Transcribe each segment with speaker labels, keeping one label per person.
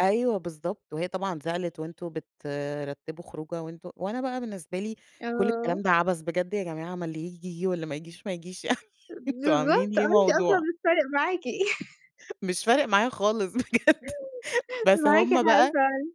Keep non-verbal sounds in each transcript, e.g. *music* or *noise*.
Speaker 1: أيوه بالضبط. وهي طبعًا زعلت "وأنتم بترتّبوا خروجة وأنتم" وأنا بقى بالنسبة لي كل
Speaker 2: آه.
Speaker 1: الكلام ده عبث، بجد يا جماعة ما اللي ييجي، ييجي واللي ما ييجيش، ما ييجيش يعني *chuckles*
Speaker 2: أ
Speaker 1: أنتم عاملين
Speaker 2: بالضبط آه،
Speaker 1: ليه
Speaker 2: أنتِ أصلًا
Speaker 1: موضوع.
Speaker 2: مش فارق معاكِ. *chuckles*
Speaker 1: مش فارق معايا خالص بجد.
Speaker 2: *chuckles*
Speaker 1: بس
Speaker 2: معاكِ
Speaker 1: هم
Speaker 2: حق
Speaker 1: بقى
Speaker 2: فعلًِا.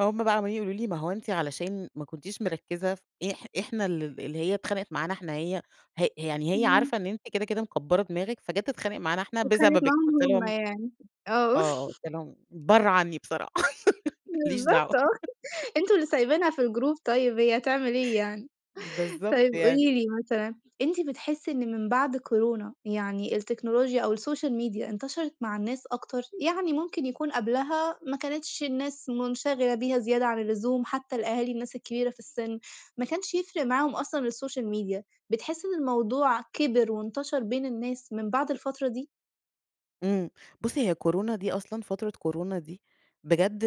Speaker 1: هم بقى عمّالين يقولوا لي: "ما هو أنتِ علشان ما كنتيش مركّزة ف إح إحنا ال اللي هي اتخانقت معانا إحنا هي هأ يعني هي
Speaker 2: إمم.
Speaker 1: عارفة إن أنتِ كده، كده مكبّرة دماغِك، فجات تتخانق معانا إحنا
Speaker 2: واتخانقت
Speaker 1: بسببِك."
Speaker 2: معاهم
Speaker 1: قُلت
Speaker 2: هم
Speaker 1: لهم
Speaker 2: يعني. آه.
Speaker 1: آه، قُلت
Speaker 2: *chuckles*
Speaker 1: لهم: "برّه عنّي بصراحة *laughs* ما ليش
Speaker 2: بالضبط
Speaker 1: دعوة."
Speaker 2: آه. *chuckles* أنتم اللي
Speaker 1: *giggles*
Speaker 2: سايبينها في الgroup طيب، هي تعمل إيه يعني؟
Speaker 1: بالضبط
Speaker 2: طيب
Speaker 1: يعني.
Speaker 2: قولي لي مثلًا، أنتِ بتحسّي إن من بعد كورونا يعني التكنولوجيا أو السوشيال ميديا، انتشرت مع الناس أكتر؟ يعني ممكن يكون قبلها ما كانتش الناس مُنشغلة بيها زيادة عن اللزوم، حتّى الأهالي، الناس الكبيرة في السِن، ما كانش يفرق معاهم أصلًا السوشيال ميديا، بتحسّي إن الموضوع كِبِر وانتشر بين الناس من بعد الفترة دي؟
Speaker 1: إمم. بُصّي، هي كورونا دي أصلًا فترة كورونا دي، بجد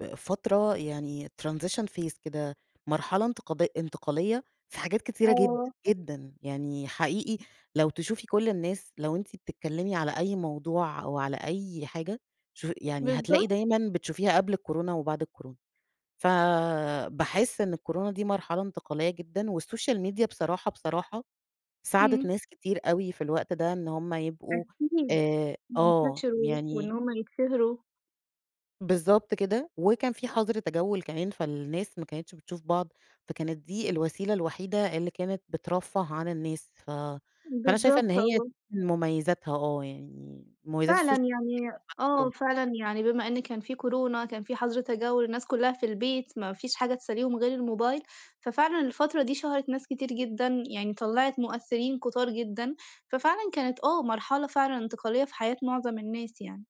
Speaker 1: ب فترة يعني transition phase كده، مرحلة انتقاد انتقالية في حاجات كتيرة جد
Speaker 2: آه.
Speaker 1: جدًا، يعني حقيقي لو تشوفي كل الناس، لو أنتِ بتتكلّمي على أي موضوع أو على أي حاجة شوفي يعني هتلاقي
Speaker 2: بالضبط.
Speaker 1: دايمًا بتشوفيها قبل الكورونا وبعد الكورونا. فباحِس إن الكورونا دي مرحلة انتقالية جدًا والسوشيال ميديا بصراحة، بصراحة ساعدت
Speaker 2: إمم.
Speaker 1: ناس كتير أوي في الوقت ده، إن هم يبقوا
Speaker 2: أكيد.
Speaker 1: آآ آه،
Speaker 2: انتشروا وإن
Speaker 1: يعني
Speaker 2: هم يتشهروا.
Speaker 1: بالضبط كده. وكان في حَظْر تجوّل كمان، فالناس ما كانتش بتشوف بعض، فكانت دي الوسيلة الوحيدة اللي كانت بترفَّه عن الناس. ف فأنا شايفة إن
Speaker 2: بالضبط،
Speaker 1: هي
Speaker 2: آه.
Speaker 1: من مميّزاتها آه. يعني مميّزات
Speaker 2: فعلًا.
Speaker 1: السوش
Speaker 2: يعني آه،
Speaker 1: *unintelligible*
Speaker 2: فعلًا يعني بما إن كان في كورونا، كان في حَظْر تجوّل، الناس كُلّها في البيت، ما فيش حاجة تسلّيهم غير الموبايل، ففعلًا الفترة دي شهرت ناس كتير جدًا، يعني طلّعت مؤثّرين كُتار جدًا، ففعلًا كانت آه، مرحلة فعلًا انتقالية في حياة معظم الناس يعني.